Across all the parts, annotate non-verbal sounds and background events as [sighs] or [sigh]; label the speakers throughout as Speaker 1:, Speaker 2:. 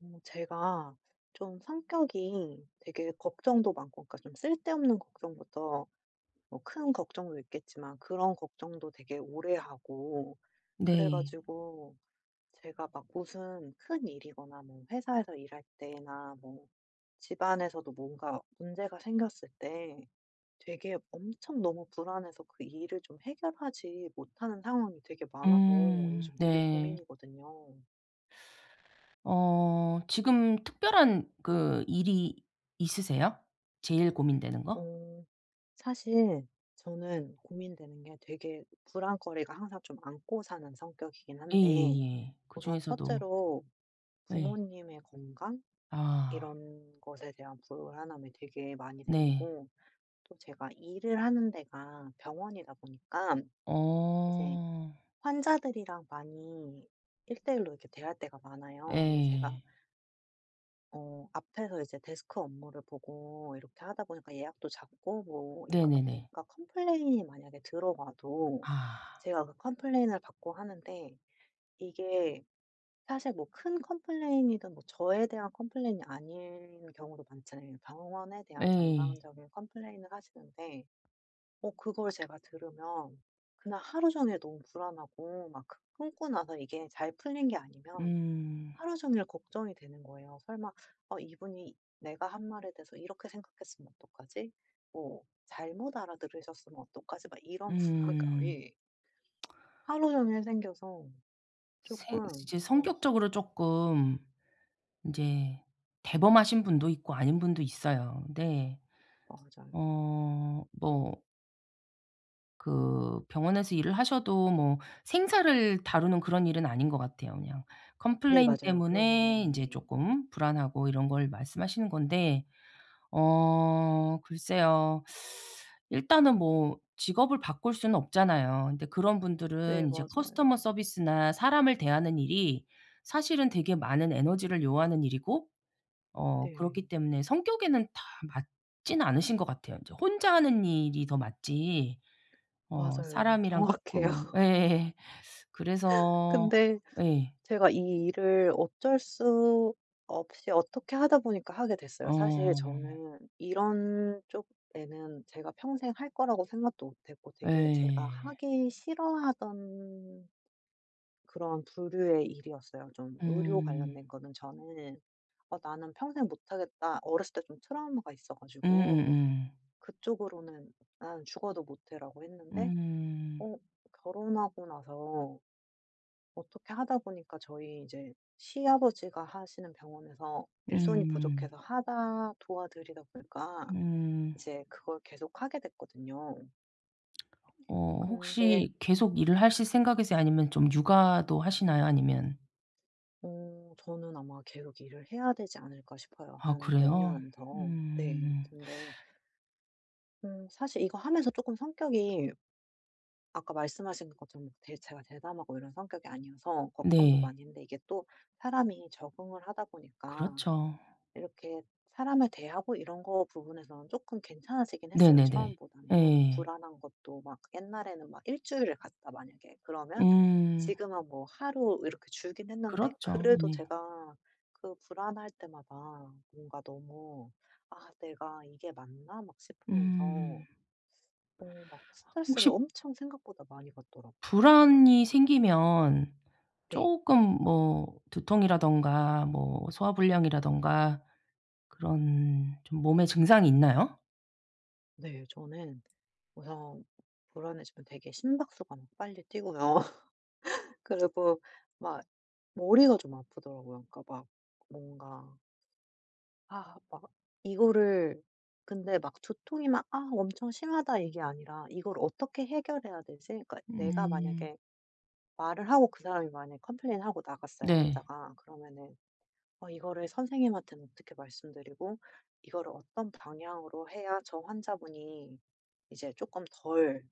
Speaker 1: 어 제가 좀 성격이 되게 걱정도 많고 그러니까 좀 쓸데없는 걱정부터 뭐 큰 걱정도 있겠지만 그런 걱정도 되게 오래 하고 그래
Speaker 2: 네.
Speaker 1: 가지고 제가 막 무슨 큰일이거나 뭐 회사에서 일할 때나 뭐 집안에서도 뭔가 문제가 생겼을 때 되게 엄청 너무 불안해서 그 일을 좀 해결하지 못하는 상황이 되게 많아서
Speaker 2: 음
Speaker 1: 요즘 되게
Speaker 2: 네.
Speaker 1: 고민이거든요.
Speaker 2: 어 지금 특별한 그 일이 있으세요, 제일 고민되는 거?
Speaker 1: 어 사실 저는 고민되는 게 되게 불안거리가 항상 좀 안고 사는 성격이긴 한데
Speaker 2: 예예예. 그
Speaker 1: 우선
Speaker 2: 중에서도.
Speaker 1: 첫째로
Speaker 2: 예.
Speaker 1: 부모님의 건강
Speaker 2: 아.
Speaker 1: 이런 것에 대한 불안함이 되게 많이
Speaker 2: 네.
Speaker 1: 생기고 또 제가 일을 하는 데가 병원이다 보니까 이제
Speaker 2: 어.
Speaker 1: 환자들이랑 많이 1:1 로 이렇게 대화할 때가 많아요. 근데 제가
Speaker 2: 예.
Speaker 1: 어 앞에서 이제 데스크 업무를 보고 이렇게 하다 보니까 예약도 잡고 뭐 이러다
Speaker 2: 네네네.
Speaker 1: 보니까 컴플레인이 만약에 들어와도
Speaker 2: 아.
Speaker 1: 제가 그 컴플레인을 받고 하는데 이게 사실 뭐 큰 컴플레인이든 뭐 저에 대한 컴플레인이 아닌 경우도 많잖아요. 병원에 대한
Speaker 2: 네.
Speaker 1: 전반적인 컴플레인을 하시는데 어 그걸 제가 들으면 그날 하루 종일 너무 불안하고 막 그 끊고 나서 이게 잘 풀린 게 아니면
Speaker 2: 음.
Speaker 1: 하루 종일 걱정이 되는 거예요. '설마 어 이분이 내가 한 말에 대해서 이렇게 생각했으면 어떡하지?' 뭐 '잘못 알아들으셨으면 어떡하지?' 막 이런
Speaker 2: 음.
Speaker 1: 불안감이
Speaker 2: [smacks lips]
Speaker 1: 하루 종일 생겨서
Speaker 2: 생
Speaker 1: 쪼끔
Speaker 2: 이제
Speaker 1: 어
Speaker 2: 성격적으로 쪼끔 이제 대범하신 분도 있고 아닌 분도 있어요. 근데
Speaker 1: 맞아요.
Speaker 2: 어 뭐 그 병원에서 일을 하셔도 뭐 생사를 다루는 그런 일은 아닌 것 같아요. 그냥
Speaker 1: 네
Speaker 2: 컴플레인
Speaker 1: 맞아요. 그런 일은
Speaker 2: 때문에 이제
Speaker 1: 아니에요.
Speaker 2: 쪼끔 불안하고 이런 걸 말씀하시는 건데 어 글쎄요. [sucks teeth] 일단은 뭐 직업을 바꿀 수는 없잖아요. 근데 그런
Speaker 1: 네
Speaker 2: 분들은 이제 커스터머
Speaker 1: 맞아요.
Speaker 2: 서비스나 사람을 대하는 일이 사실은 되게 많은 에너지를 요하는 일이고 어 그렇기
Speaker 1: 네.
Speaker 2: 때문에 성격에는 다 맞진 않으신 것 같아요. 인제 혼자 하는 일이 더 맞지 어
Speaker 1: 맞아요.
Speaker 2: 사람이랑
Speaker 1: 정확해요.
Speaker 2: 쪼끔 예 그래서
Speaker 1: 근데
Speaker 2: 예.
Speaker 1: 제가 이 일을 어쩔 수 없이 어떻게 하다 보니까 하게 됐어요. 사실
Speaker 2: 어.
Speaker 1: 저는 이런 쪽에는 제가 평생 할 거라고 생각도 못했고 되게 제가
Speaker 2: 예.
Speaker 1: 하기 싫어하던 그런 부류의 일이었어요. 좀 의료
Speaker 2: 음.
Speaker 1: 관련된 거는 저는 '어 나는 평생 못하겠다.' 어렸을 때 좀 트라우마가 있어 가지고
Speaker 2: 음음음.
Speaker 1: 그쪽으로는 '나는 죽어도 못 해.'라고 했는데
Speaker 2: 음.
Speaker 1: 어 결혼하고 나서 어떻게 하다 보니까 저희 이제 시아버지가 하시는 병원에서 일손이
Speaker 2: 음.
Speaker 1: 부족해서 하다 도와 드리다 보니까
Speaker 2: 음.
Speaker 1: 이제 그걸 계속하게 됐거든요.
Speaker 2: 어
Speaker 1: 근데
Speaker 2: 혹시 계속 일을 하실 생각이세요 아니면 좀 육아도 하시나요? 아니면
Speaker 1: 어 저는 아마 계속 일을 해야 되지 않을까 싶어요
Speaker 2: 아
Speaker 1: 한 몇
Speaker 2: 그래요?
Speaker 1: 년은 더. 네.
Speaker 2: 음.
Speaker 1: 근데 음 사실 이거 하면서 쪼끔 성격이 아까 말씀하신 것처럼 대 제가 대담하고 이런 성격이 아니어서 걱정도
Speaker 2: 네.
Speaker 1: 많이 했는데 이게 또 사람이 적응을 하다 보니까
Speaker 2: 그렇죠.
Speaker 1: 이렇게 사람을 대하고 이런 거 부분에서는 조금 괜찮아지긴 했어요
Speaker 2: 네네네.
Speaker 1: 처음보다는.
Speaker 2: 예.
Speaker 1: 불안한 것도 막 옛날에는 막 1 주일을 갔다 만약에 그러면
Speaker 2: 음.
Speaker 1: 지금은 뭐 하루 이렇게 줄긴 했는데
Speaker 2: 그렇죠.
Speaker 1: 그래도
Speaker 2: 네.
Speaker 1: 제가 그 불안할 때마다 뭔가 너무 '아 내가 이게 맞나?' 막 싶으면서
Speaker 2: 음.
Speaker 1: 어 막 스트레스를
Speaker 2: 혹시
Speaker 1: 엄청 생각보다 많이 받더라고요.
Speaker 2: 불안이 생기면
Speaker 1: 네.
Speaker 2: 쪼끔 뭐 두통이라든가 뭐 소화불량이라든가 그런 좀 몸에 증상이 있나요?
Speaker 1: 네. 저는 우선 불안해지면 되게 심박수가 막 빨리 뛰고요. [laughs] 그리고 막 머리가 좀 아프더라고요. 그러니까 막 뭔가 아 막 이거를 근데 막 두통이 막 '아 엄청 심하다.' 이게 아니라 '이걸 어떻게 해결해야 되지?' 그러니까 내가
Speaker 2: 음.
Speaker 1: 만약에 말을 하고 그 사람이 만약에 컴플레인하고 나갔어요
Speaker 2: 네.
Speaker 1: 환자가. 그러면은 어 '이거를 선생님한테는 어떻게 말씀드리고 이거를 어떤 방향으로 해야 저 환자분이 이제 쪼끔 덜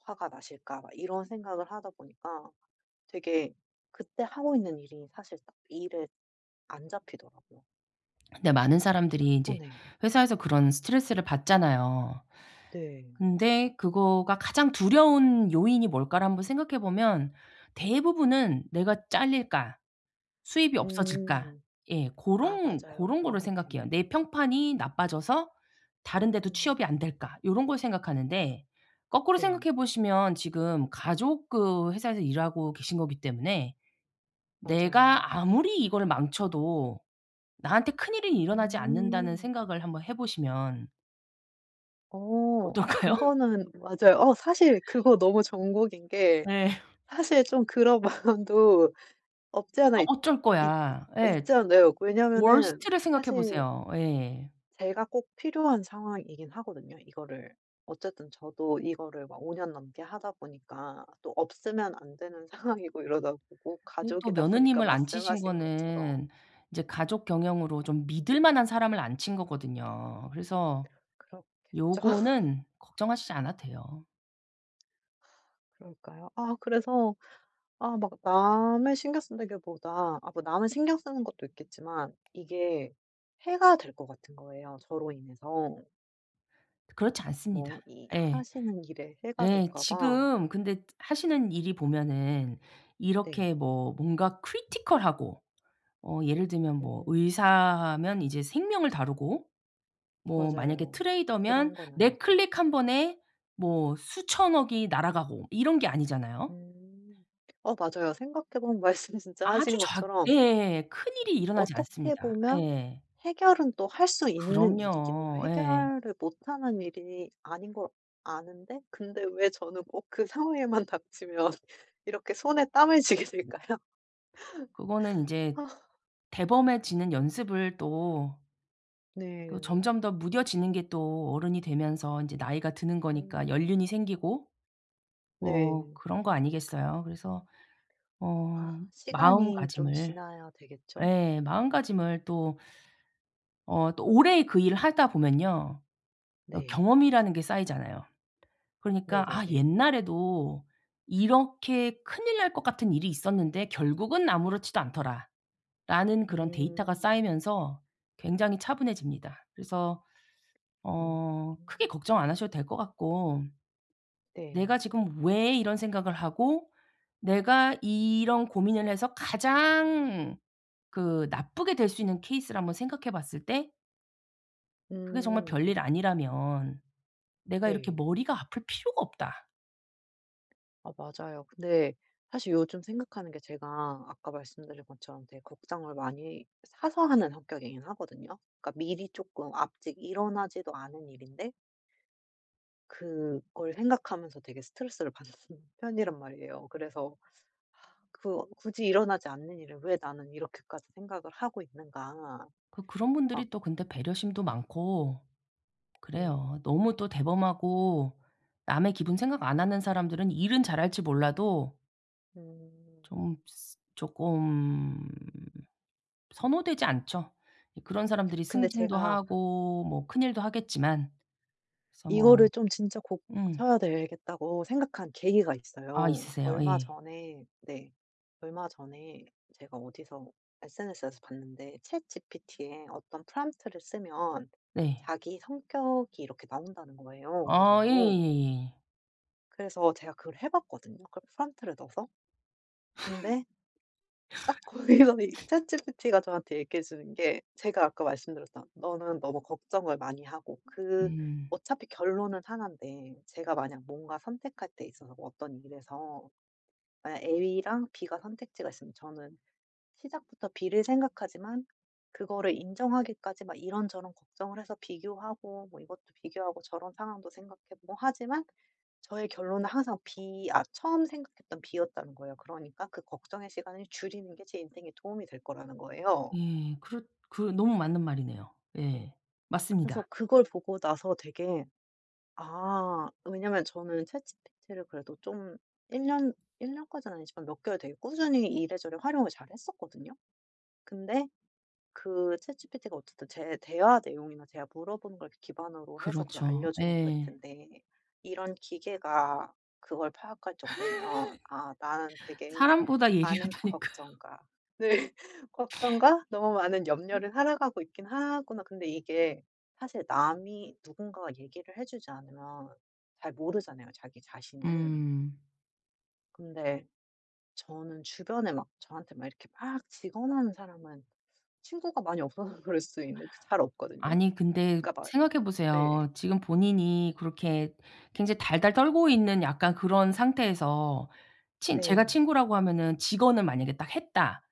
Speaker 1: 화가 나실까.' 막 이런 생각을 하다 보니까 되게 그때 하고 있는 일이 사실 딱 일을 안 잡히더라고요.
Speaker 2: 근데 많은 사람들이
Speaker 1: 어
Speaker 2: 이제
Speaker 1: 네.
Speaker 2: 회사에서 그런 스트레스를 받잖아요.
Speaker 1: 네.
Speaker 2: 근데 그거가 가장 두려운 요인이 뭘까를 한번 생각해 보면 대부분은 '내가 짤릴까? 수입이 없어질까?'
Speaker 1: 음.
Speaker 2: 예.
Speaker 1: 아
Speaker 2: 고런
Speaker 1: 맞아요.
Speaker 2: 고런
Speaker 1: 그런
Speaker 2: 거를
Speaker 1: 것 같긴
Speaker 2: 생각해요.
Speaker 1: 해요.
Speaker 2: '내 평판이 나빠져서 다른 데도 취업이 안
Speaker 1: 음.
Speaker 2: 될까?' 요런 걸 생각하는데 거꾸로
Speaker 1: 네.
Speaker 2: 생각해 보시면 지금 가족 그 회사에서 일하고 계신 거기 때문에
Speaker 1: 맞아요.
Speaker 2: 내가 아무리 이거를 망쳐도 나한테 큰일이 일어나지 않는다는
Speaker 1: 음.
Speaker 2: 생각을 한번 해 보시면
Speaker 1: 어. 아
Speaker 2: 어떨까요?
Speaker 1: 그거는 맞아요. 어 사실 그거 너무 정곡인 게
Speaker 2: 예.
Speaker 1: 사실 좀 그런 마음도 없지
Speaker 2: 아
Speaker 1: 않아 있 있
Speaker 2: 어쩔거야. 예.
Speaker 1: 있지 않아요. 왜냐하면은
Speaker 2: 워스트를 생각해
Speaker 1: 사실
Speaker 2: 보세요. 예.
Speaker 1: 제가 꼭 필요한 상황이긴 하거든요. 이거를 어쨌든 저도 이거를 막 5 년 넘게 하다 보니까 또 없으면 안 되는 상황이고 이러다 보고
Speaker 2: 근데 또
Speaker 1: 가족이다 보니까,
Speaker 2: 며느님을 앉히신
Speaker 1: 말씀하신 것처럼.
Speaker 2: 거는 이제 가족 경영으로 좀 믿을 만한 사람을 앉힌 거거든요. 그래서
Speaker 1: 그렇겠죠. [laughs]
Speaker 2: 요거는 걱정하시지 않아도 돼요.
Speaker 1: 그러니까요. 아 그래서 아 막 남을 신경 쓴다기 보다 아 뭐 남을 신경 쓰는 것도 있겠지만 이게 해가 될 것 같은 거예요, 저로 인해서.
Speaker 2: 그렇지 않습니다.
Speaker 1: 뭐 이
Speaker 2: 예.
Speaker 1: 하시는 일에 해가
Speaker 2: 예
Speaker 1: 될까 봐.
Speaker 2: 지금 근데 하시는 일이 보면은
Speaker 1: 네.
Speaker 2: 이렇게 뭐 뭔가 크리티컬하고 어 예를 들면 뭐
Speaker 1: 음.
Speaker 2: 의사하면 이제 생명을 다루고 뭐 만약에
Speaker 1: 맞아요.
Speaker 2: 트레이더면
Speaker 1: 그런 건
Speaker 2: 내
Speaker 1: 아니죠.
Speaker 2: 클릭 1 번에 뭐 수천억이 날아가고 이런 게 아니잖아요.
Speaker 1: 음. 어 맞아요. 생각해 보면 말씀 진짜
Speaker 2: 아주
Speaker 1: 하신
Speaker 2: 작
Speaker 1: 것처럼
Speaker 2: 예예예예. 큰일이 일어나지
Speaker 1: 어떻게
Speaker 2: 않습니다.
Speaker 1: 보면
Speaker 2: 예.
Speaker 1: 해결은 또 할 수 있는 일이긴 해요.
Speaker 2: 그럼요. 예.
Speaker 1: 해결을 못 하는 일이 아닌 걸 아는데 근데 왜 저는 꼭 그 상황에만 닥치면 이렇게 손에 땀을 쥐게 될까요?
Speaker 2: 그거는
Speaker 1: [laughs]
Speaker 2: 인제
Speaker 1: 아.
Speaker 2: 대범해지는 연습을 또 또
Speaker 1: 네.
Speaker 2: 점점 더 무뎌지는 게 또 어른이 되면서 이제 나이가 드는거니까
Speaker 1: 음.
Speaker 2: 연륜이 생기고 뭐
Speaker 1: 네.
Speaker 2: 그런 거 아니겠어요. 그래서
Speaker 1: 아
Speaker 2: 어
Speaker 1: 시간이 좀
Speaker 2: 마음가짐을
Speaker 1: 지나야 되겠죠?
Speaker 2: 예 마음가짐을 또 어 또 오래 그 일을 하다 보면요, 어
Speaker 1: 네.
Speaker 2: 경험이라는 게 쌓이잖아요. 그러니까 '아
Speaker 1: 네네네.
Speaker 2: 옛날에도 이렇게 큰일 날 것 같은 일이 있었는데 결국은 아무렇지도 않더라.'라는 그런 데이터가
Speaker 1: 음.
Speaker 2: 쌓이면서 굉장히 차분해집니다. 그래서
Speaker 1: 음.
Speaker 2: 어 크게 걱정 안 하셔도 될 것 같고
Speaker 1: 네.
Speaker 2: 내가 지금 왜 이런 생각을 하고 내가 이런 고민을 해서 가장 그 나쁘게 될 수 있는 케이스를 한번 생각해 봤을 때 그게 정말
Speaker 1: 음.
Speaker 2: 별일 아니라면 내가 이렇게
Speaker 1: 네.
Speaker 2: 머리가 아플 필요가 없다.
Speaker 1: 아 맞아요. 근데 사실 요즘 생각하는 게 제가 아까 말씀드린 것처럼 되게 걱정을 많이 사서 하는 성격이긴 하거든요. 그러니까 미리 조금 아직 일어나지도 않은 일인데 그걸 생각하면서 되게 스트레스를 받는 편이란 말이에요. 그래서 [sighs] 그 '굳이 일어나지 않는 일을 왜 나는 이렇게까지 생각을 하고 있는가.'
Speaker 2: 그 그런
Speaker 1: 막
Speaker 2: 분들이 또 근데 배려심도 많고
Speaker 1: 네.
Speaker 2: 그래요. 너무 또 대범하고 남의 기분 생각 안 하는 사람들은 일은 잘할지 몰라도
Speaker 1: 음.
Speaker 2: 좀 스 쪼끔 선호되지 않죠. 이 그런 사람들이
Speaker 1: 근데
Speaker 2: 승진도
Speaker 1: 제가
Speaker 2: 하고 뭐 큰일도 하겠지만 그래서 뭐
Speaker 1: 이거를 좀 '진짜
Speaker 2: 음.
Speaker 1: 고쳐야 되겠다.'고 생각한 계기가
Speaker 2: 아
Speaker 1: 있어요.
Speaker 2: 있으세요.
Speaker 1: 얼마
Speaker 2: 예.
Speaker 1: 전에 네. 얼마 전에 제가 어디서 SNS에서 봤는데 ChatGPT에 어떤 prompt를 쓰면
Speaker 2: 네.
Speaker 1: 자기 성격이 이렇게 나온다는 거예요, 어느
Speaker 2: 어
Speaker 1: 정도.
Speaker 2: 예예예예.
Speaker 1: 그래서 제가 그걸 해 봤거든요 그 prompt 넣어서. 근데 딱 거기서 이
Speaker 2: [laughs]
Speaker 1: ChatGPT가 저한테 얘기해 주는 게 제가 아까 말씀드렸던 너는 너무 걱정을 많이 하고 그
Speaker 2: 음.
Speaker 1: 어차피 결론은 1 인데 제가 만약 뭔가 선택할 때 있어서 어떤 일에서 예 A랑 B가 선택지가 있으면 저는 시작부터 B를 생각하지만 그거를 인정하기까지 막 이런저런 걱정을 해서 비교하고 뭐 이것도 비교하고 저런 상황도 생각해 보고 하지만 저의 결론은 항상 B 아 처음 생각했던 B였다는 거예요. 그러니까 그 걱정의 시간을 줄이는 게 제 인생에 도움이 될 거라는 거예요.
Speaker 2: 예. 그렇 그 너무 맞는 말이네요. 예.
Speaker 1: 그래서
Speaker 2: 맞습니다.
Speaker 1: 그걸 보고 나서 되게 아 왜냐하면 저는 ChatGPT를 그래도 좀 1 년? 1 년까지는 아니지만 몇 개월 되게 꾸준히 이래저래 활용을 잘 했었거든요? 근데 그 ChatGPT가 어쨌든 제 대화 내용이나 제가 물어보는 걸 기반으로 해서 그걸
Speaker 2: 그렇죠.
Speaker 1: 알려주는 것
Speaker 2: 예.
Speaker 1: 같은데 이런 기계가 그걸 파악할 정도면 '아 나는
Speaker 2: [laughs]
Speaker 1: 되게
Speaker 2: 사람보다
Speaker 1: 많은
Speaker 2: 예리하다니까요.
Speaker 1: 걱정과' 네. '걱정과 너무 많은 염려로 살아가고 있긴 하구나.' 근데 이게 사실 남이 누군가가 얘기를 해 주지 않으면 잘 모르잖아요, 자기 자신은.
Speaker 2: 음.
Speaker 1: 근데 저는 주변에 막 저한테 막 이렇게 막 직언하는 사람은 친구가 많이 없어서 그럴 수도 있는데 그 잘 없거든요.
Speaker 2: 아니 근데
Speaker 1: 그러니까 막
Speaker 2: 생각해
Speaker 1: 네.
Speaker 2: 보세요. 지금 본인이 그렇게 굉장히 달달 떨고 있는 약간 그런 상태에서 친 제가
Speaker 1: 네.
Speaker 2: 친구라고 하면은 직언을 만약에 딱 했다.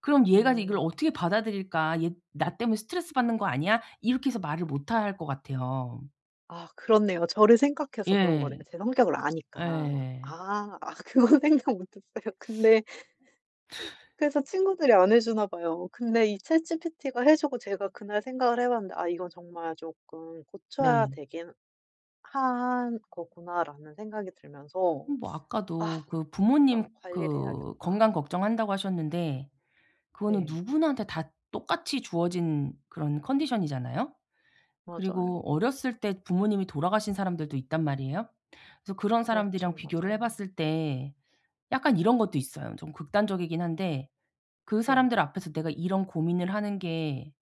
Speaker 2: 그럼 '얘가 이걸
Speaker 1: 음.
Speaker 2: 어떻게 받아들일까? 얘 나 때문에 스트레스받는 거 아니야?' 이렇게 해서 말을 못 할 것 같아요.
Speaker 1: 아 그렇네요. 저를 생각해서 그런
Speaker 2: 예.
Speaker 1: 거네요, 제 성격을 아니까.
Speaker 2: 예.
Speaker 1: 아. 아 그건 생각 못 했어요, 근데. [laughs]
Speaker 2: [laughs]
Speaker 1: 그래서 친구들이 안 해주나 봐요. 근데 이 ChatGPT가 해주고 제가 그날 생각을 해봤는데 '아 이건 정말 쪼끔 고쳐야
Speaker 2: 네.
Speaker 1: 되긴 한 거구나.'라는 생각이 들면서
Speaker 2: 뭐
Speaker 1: '아
Speaker 2: 아까도 그 부모님
Speaker 1: 진짜 관리를
Speaker 2: 그
Speaker 1: 해야겠다.'
Speaker 2: 건강 걱정한다고 하셨는데 그거는
Speaker 1: 네.
Speaker 2: 누구나한테 다 똑같이 주어진 그런 컨디션이잖아요? 그리고
Speaker 1: 맞아요.
Speaker 2: 어렸을 때 부모님이 돌아가신 사람들도 있단 말이에요. 그래서 그런 사람들이랑
Speaker 1: 그렇죠.
Speaker 2: 비교를
Speaker 1: 맞아요.
Speaker 2: 해봤을 때 약간 이런 것도 있어요. 좀 극단적이긴 한데 '그
Speaker 1: 네.
Speaker 2: 사람들 앞에서 내가 이런 고민을 하는 게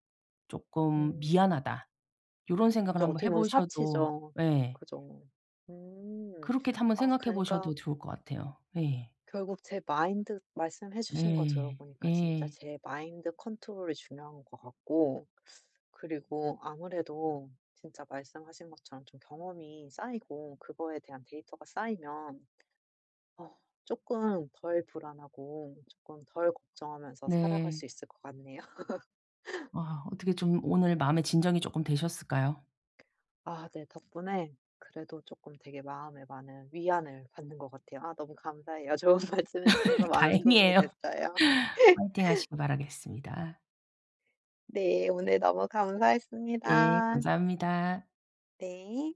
Speaker 2: 쪼끔
Speaker 1: 음.
Speaker 2: 미안하다.' 요런 생각을
Speaker 1: 진짜
Speaker 2: 한번
Speaker 1: 어떻게 보면
Speaker 2: 해보셔도
Speaker 1: 사치죠.
Speaker 2: 예.
Speaker 1: 그죠. 음.
Speaker 2: 그렇게도 한번
Speaker 1: 아
Speaker 2: 생각해
Speaker 1: 그니까
Speaker 2: 보셔도 좋을 것 같아요. 예.
Speaker 1: 결국 제 마인드 말씀해 주신 거
Speaker 2: 예.
Speaker 1: 들어보니까 진짜
Speaker 2: 예.
Speaker 1: 제 마인드 컨트롤이 중요한 것 같고 그리고 아무래도 진짜 말씀하신 것처럼 좀 경험이 쌓이고 그거에 대한 데이터가 쌓이면 어 쪼끔 덜 불안하고 쪼끔 덜 걱정하면서 살아갈
Speaker 2: 네.
Speaker 1: 수 있을 것 같네요. [laughs]
Speaker 2: 아 어떻게 좀 오늘 마음에 진정이 쪼끔 되셨을까요?
Speaker 1: 아 네. 덕분에 그래도 쪼끔 되게 마음에 많은 위안을 받는 것 같아요. 아 너무 감사해요. 좋은 말씀 해 주셔서
Speaker 2: [laughs]
Speaker 1: 많은 도움이
Speaker 2: 다행이에요.
Speaker 1: 됐어요.
Speaker 2: 화이팅
Speaker 1: [laughs]
Speaker 2: 하시길 바라겠습니다.
Speaker 1: 네 오늘 너무
Speaker 2: 예
Speaker 1: 감사했습니다.
Speaker 2: 감사합니다.
Speaker 1: 네.